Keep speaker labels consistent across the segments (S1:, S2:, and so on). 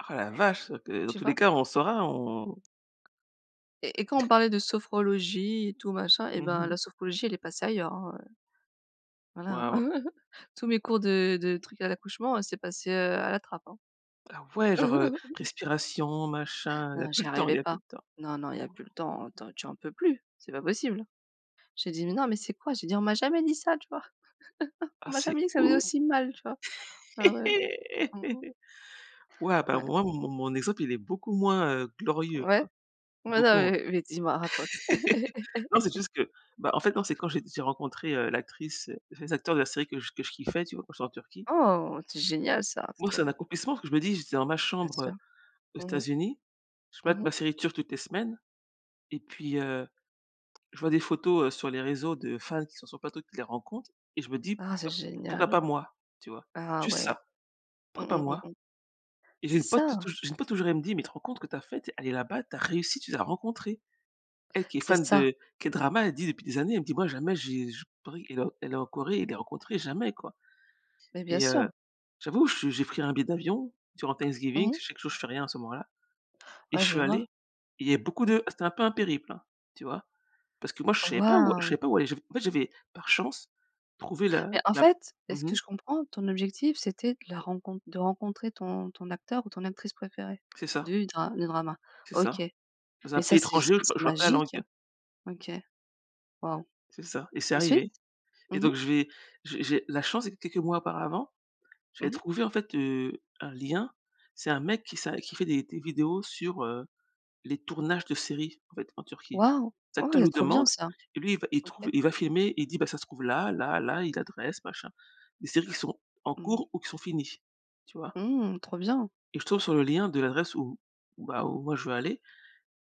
S1: Oh la vache! Heu, dans
S2: Tu
S1: tous les
S2: vois?
S1: cas, on saura, on
S2: Et et quand on parlait de sophrologie et tout machin, eh
S1: Mmh
S2: ben,
S1: mh.
S2: la sophrologie, elle est passée ailleurs, hein, heu voilà.
S1: Waouh.
S2: Hein. Tous mes cours de de trucs à l'accouchement, c'est passé, heu, à la trappe, hein.
S1: Ah ouais, genre, heu, respiration, machin, il y a
S2: Non,
S1: plus
S2: j'y
S1: le temps il
S2: arrivais
S1: y a plus
S2: pas.
S1: le temps.
S2: Non non, il y a plus le temps. Attends, tu en peux plus, c'est pas possible. J'ai dit: «Mais non, mais c'est quoi?» J'ai dit: «On m'a jamais dit ça, tu vois?
S1: Ah,
S2: On m'a
S1: c'est
S2: jamais dit que ça faisait
S1: ou
S2: aussi mal tu vois?» Ah ouais. Mmh mh.
S1: waouh! Bah,
S2: Ouais.
S1: moi, mon mon exemple, il est beaucoup moins, heu, glorieux,
S2: Ouais.
S1: quoi.
S2: Non,
S1: Beaucoup moins,.
S2: mais mais dis-moi, raconte.
S1: Non, c'est juste que, bah, en fait, non, c'est quand j'ai j'ai rencontré, heu, l'actrice, les acteurs de la série que je que je kiffais, tu vois? Quand j'étais en Turquie.
S2: Oh, c'est génial, ça,
S1: Pour
S2: c'est
S1: moi, c'est
S2: trop
S1: un
S2: bien!
S1: accomplissement parce que je me dis: «J'étais dans ma
S2: Bien sûr.
S1: chambre aux
S2: Mmh mh.
S1: États-Unis, je
S2: Mmh
S1: matte
S2: mh.
S1: ma série turque toutes les semaines» et puis, heu, je vois des photos, heu, sur les réseaux de fans qui sont sur le plateau et qui les rencontrent, et je me dis:
S2: Ah, c'est
S1: «Pourquoi, pourquoi
S2: génial.
S1: pas moi, tu vois?»
S2: Ah
S1: Juste
S2: ouais.
S1: ça.
S2: Mmh
S1: Pourquoi pas
S2: mh mmh
S1: moi?
S2: mh,
S1: Et j'ai
S2: c'est
S1: une pote j'ai une
S2: ça.
S1: pote, tou touj et j'ai une pote, toujours, elle me dit: «Mais tu te rends compte que tu as faite, tu es allée là-bas, tu as réussi, tu les as rencontrés». Elle qui est
S2: C'est
S1: fan
S2: ça!
S1: de K-drama, elle dit depuis des années, elle me dit: «Moi, jamais j'ai je». Pareil, elle est elle est en Corée et les rencontrer, jamais, quoi,
S2: Mais, bien
S1: et
S2: sûr.
S1: heu, j'avoue, je j'ai pris un billet d'avion durant Thanksgiving
S2: Mmh
S1: parce
S2: mh.
S1: que je sais que, moi, je fais rien à ce moment là, et je
S2: Ouais, je
S1: suis allée
S2: vois.
S1: et il y a beaucoup
S2: Mmh.
S1: de ah, c'était un peu un périple, hein, tu vois? Parce que, moi, je
S2: Oh,
S1: savais pas où je
S2: waouh!
S1: savais pas où aller. J'ai fait en fait, j'ai fait, par chance, trouvé le,
S2: Mais, en
S1: la
S2: fait, à ce
S1: mmh
S2: que
S1: mh.
S2: je comprends, ton objectif, c'était de le rencon de rencontrer ton ton acteur ou ton actrice préférée
S1: C'est ça
S2: du dra du drama.
S1: c'est
S2: OK,
S1: ça. Dans un
S2: mais ça,
S1: pays
S2: c'est c'est
S1: étranger, où je pa
S2: c'est
S1: où je parle pas la langue.
S2: magique. OK. Waouh!
S1: C'est ça, et c'est
S2: Ensuite?
S1: arrivé, et
S2: Mmh mh.
S1: donc je vais, j'ai j'ai la chance que, quelques mois auparavant,
S2: Mmh
S1: j'avais
S2: mh.
S1: trouvé, en fait, heu, un lien. C'est un mec qui ça qui fait des des vidéos sur, heu, les tournages de séries, en fait, en Turquie.
S2: Waouh!
S1: Les
S2: Oh,
S1: acteur
S2: ouais,
S1: lui
S2: trop bien,
S1: demandent
S2: ça.
S1: et lui, il va, il trouve
S2: OK.
S1: et il va filmer et il dit: «Bah, ça se trouve là là là et l'adresse, machin». Des séries qui sont en
S2: Mmh mh.
S1: cours ou qui sont finies, tu vois?
S2: Mmh, trop bien!
S1: Et je tombe sur le lien de l'adresse où où, bah, où, moi, je veux aller,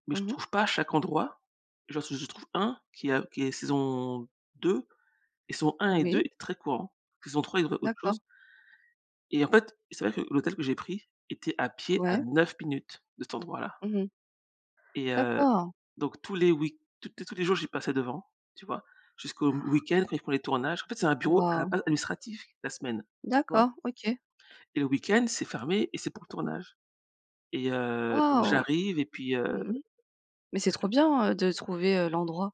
S1: mais
S2: Mmh
S1: je
S2: mh.
S1: trouve pas chaque endroit. Genre, si je trouve un qui a qui est saison 2, et saison 1 et 2
S2: Oui.
S1: c'est très courant. Saison 3, il y avait autre chose.
S2: D'accord.
S1: Et, en fait, c'est vrai que l'hôtel que j'ai pris était, à pied, à
S2: Ouais.
S1: 9 minutes de cet endroit-là.
S2: Mmh mh.
S1: Et heu,
S2: D'accord.
S1: donc tous les week tous tous les jours, j'y passais devant, tu vois? Jusqu'au au week-end, quand ils font les tournages. En fait, c'est un bureau, à la
S2: Waouh!
S1: base, administratif, la semaine, tu vois?
S2: D'accord, OK.
S1: Et le week-end, c'est fermé, et c'est pour le tournage, et heu, donc
S2: Waouh!
S1: j'arrive, et puis,
S2: Mmh
S1: heu,
S2: mh, mais c'est
S1: je
S2: trop
S1: t
S2: bien, heu, de trouver, heu, l'endroit.